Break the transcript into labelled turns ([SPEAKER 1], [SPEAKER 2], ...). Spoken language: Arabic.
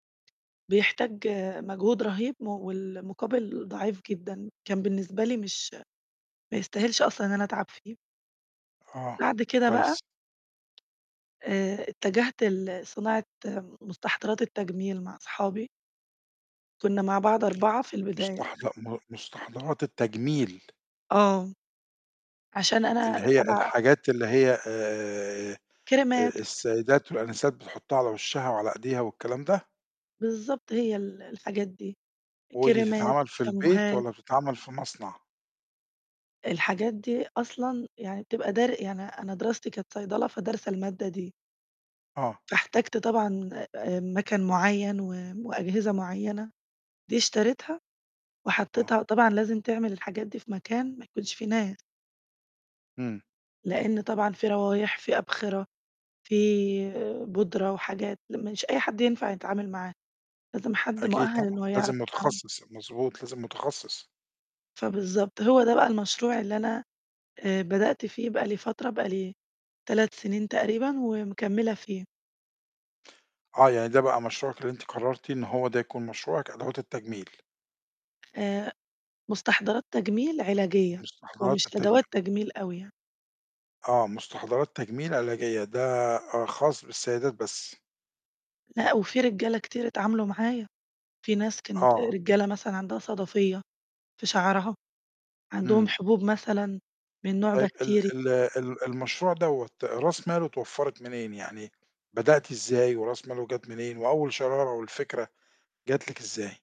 [SPEAKER 1] بيحتاج مجهود رهيب والمقابل ضعيف جدًا، كان بالنسبة لي مش ما يستاهلش أصلًا إن أنا أتعب فيه.
[SPEAKER 2] آه،
[SPEAKER 1] بعد كده بقى
[SPEAKER 2] كويس.
[SPEAKER 1] آآ اتجهت لصناعة مستحضرات التجميل مع أصحابي. كنّا مع بعض 4 في البداية.
[SPEAKER 2] مستحض م مستحضرات التجميل.
[SPEAKER 1] آه، عشان أنا
[SPEAKER 2] اللي هي
[SPEAKER 1] تبع
[SPEAKER 2] الحاجات اللي هي آآ،
[SPEAKER 1] كْرِيمَات.
[SPEAKER 2] السيدات والآنسات بتحطها على وشها وعلى إيديها والكلام ده؟
[SPEAKER 1] بالضبط هي ال الحاجات دي
[SPEAKER 2] ودي
[SPEAKER 1] كْرِيمَات،
[SPEAKER 2] تتعمَل في البيت
[SPEAKER 1] شامبوهات.
[SPEAKER 2] والّا بتتعمل في مصنع؟
[SPEAKER 1] الحاجات دي أصلًا يعني بتبقى در يعني أنا دراستي كانت صيدلة فدارسة المادة دي.
[SPEAKER 2] آه.
[SPEAKER 1] فاحتاجت طبعًا مَكَن معيّن و وأجهزة معيّنة دي اشتريتها
[SPEAKER 2] آه.
[SPEAKER 1] وحطيتها طبعًا لازم تعمل الحاجات دي في مكان ما يكونش فيه ناس.
[SPEAKER 2] إمم.
[SPEAKER 1] لإن طبعًا في روايح، في أبخرة، في بودرة وحاجات مش أي حد ينفع يتعامل معاها، لازم حد
[SPEAKER 2] أكيد
[SPEAKER 1] مؤهل
[SPEAKER 2] طبعًا،
[SPEAKER 1] إنه يعرف
[SPEAKER 2] لازم
[SPEAKER 1] يتعامل
[SPEAKER 2] متخصص، مضبوط لازم متخصص.
[SPEAKER 1] فبالضبط، هو ده بقى المشروع اللي أنا، آآ، بدأت فيه بقى لي فترة، بقى لي 3 سنين تقريبًا ومكملة فيه.
[SPEAKER 2] آه يعني ده بقى مشروعِك اللي أنتِ قررتِ إنه هو ده يكون مشروعِك أدوات التجميل؟
[SPEAKER 1] آآ، مستحضرات تجميل علاجية،
[SPEAKER 2] مستحضرات
[SPEAKER 1] ومش
[SPEAKER 2] التجمي
[SPEAKER 1] أدوات تجميل أوي يعني.
[SPEAKER 2] آه مستحضرات تجميل علاجية ده خاص بالسيدات بس.
[SPEAKER 1] لأ وفي رجالة كتير اتعاملوا معايا، في ناس كانت
[SPEAKER 2] آه.
[SPEAKER 1] رجالة مثلًا عندها صَدفيّة في شعرها، عندهم
[SPEAKER 2] إمم.
[SPEAKER 1] حبوب مثلًا من نوع
[SPEAKER 2] طيب ال
[SPEAKER 1] بَكتِيري.
[SPEAKER 2] ال ال المشروع دوّة راس ماله اتوفرت منين، يعني بدأتِ إزاي وراس ماله جات منين وأول شرارة والفكرة جات لِك إزاي؟